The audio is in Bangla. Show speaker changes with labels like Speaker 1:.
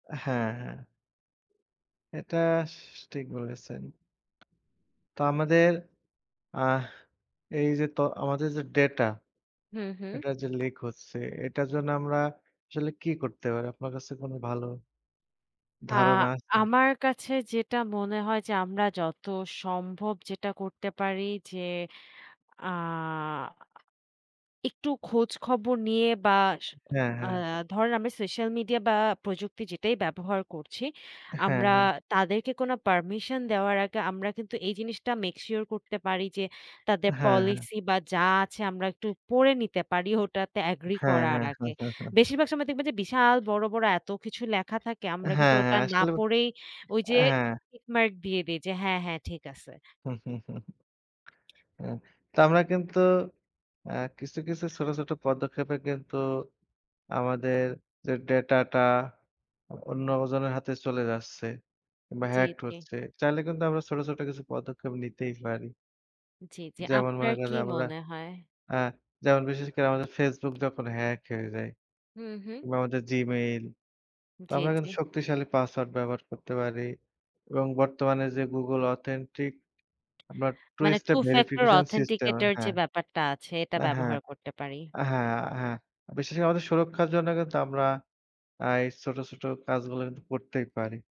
Speaker 1: হ্যাঁ। এটা স ঠিক বলেছেন। এটা আমাদের আহ এই যে ত আমাদের যে ডেটা
Speaker 2: হুম, হুম।
Speaker 1: এটার যে লিক হচ্ছে, এটার জন্য আমরা আসলে কি করতে পারি? আপনার কাছে কোন ভালো
Speaker 2: আ
Speaker 1: ধারণা আছে?
Speaker 2: আমার কাছে যেটা মনে হয় যে আমরা যত সম্ভব যেটা করতে পারি যে, আ একটু খোঁজখবর নিয়ে বা স
Speaker 1: হ্যাঁ,
Speaker 2: আ
Speaker 1: হ্যাঁ।
Speaker 2: ধরেন আমরা সোশ্যাল মিডিয়া বা প্রযুক্তি যেটাই ব্যবহার করছি,
Speaker 1: হ্যাঁ,
Speaker 2: আমরা
Speaker 1: হ্যাঁ।
Speaker 2: তাদেরকে কোনো পারমিশন দেওয়ার আগে আমরা কিন্তু এই জিনিসটা make sure করতে পারি যে, তাদের
Speaker 1: হ্যাঁ, হ্যাঁ।
Speaker 2: পলিসি বা যা আছে আমরা একটু পড়ে নিতে পারি, ওটাতে এগ্রি
Speaker 1: হ্যাঁ,
Speaker 2: করার
Speaker 1: হ্যাঁ।
Speaker 2: আগে। বেশিরভাগ সময় দেখবেন যে বিশাল বড়, বড় এত কিছু লেখা থাকে আমরা কিন্তু
Speaker 1: হ্যাঁ,
Speaker 2: ওটা
Speaker 1: হ্যাঁ,
Speaker 2: না
Speaker 1: আসলেও
Speaker 2: পড়েই ওই যে
Speaker 1: হ্যাঁ।
Speaker 2: টিক মার্ক দিয়ে দেই যে হ্যাঁ, হ্যাঁ ঠিক আছে।
Speaker 1: হু। তো আমরা কিন্তু আ কিছু, কিছু ছোট, ছোট পদক্ষেপে কিন্তু আমাদের যে ডেটাটা অ অন্যজনের হাতে চলে যাচ্ছে বা
Speaker 2: জি,
Speaker 1: hacked
Speaker 2: জি।
Speaker 1: হচ্ছে। চাইলে কিন্তু আমরা ছোট, ছোট কিছু পদক্ষেপ নিতেই পারি
Speaker 2: জি, জি।
Speaker 1: যেমন মনে
Speaker 2: আপনার
Speaker 1: করেন
Speaker 2: কি
Speaker 1: যে আমরা
Speaker 2: মনে হয়?
Speaker 1: আ যেমন বিশেষ করে আমাদের Facebook যখন hack হয়ে যায়।
Speaker 2: হুম, হুম।
Speaker 1: কিংবা আমাদের Gmail, তো
Speaker 2: জি,
Speaker 1: আমরা
Speaker 2: জি।
Speaker 1: কিন্তু শক্তিশালী পাসওয়ার্ড ব্যবহার করতে পারি। এবং বর্তমানে যে Google authentic আমরা two
Speaker 2: মানে
Speaker 1: step
Speaker 2: two factor
Speaker 1: verification system
Speaker 2: authenticator যে
Speaker 1: হ্যাঁ।
Speaker 2: ব্যাপারটা আছে, এটা
Speaker 1: আ হ্যাঁ।
Speaker 2: ব্যবহার করতে পারি।
Speaker 1: হ্যাঁ, হ্যাঁ। বিশেষ করে আমাদের সুরক্ষার জন্য কিন্তু আমরা এই ছোট, ছোট কাজগুলো কিন্তু করতেই পারি।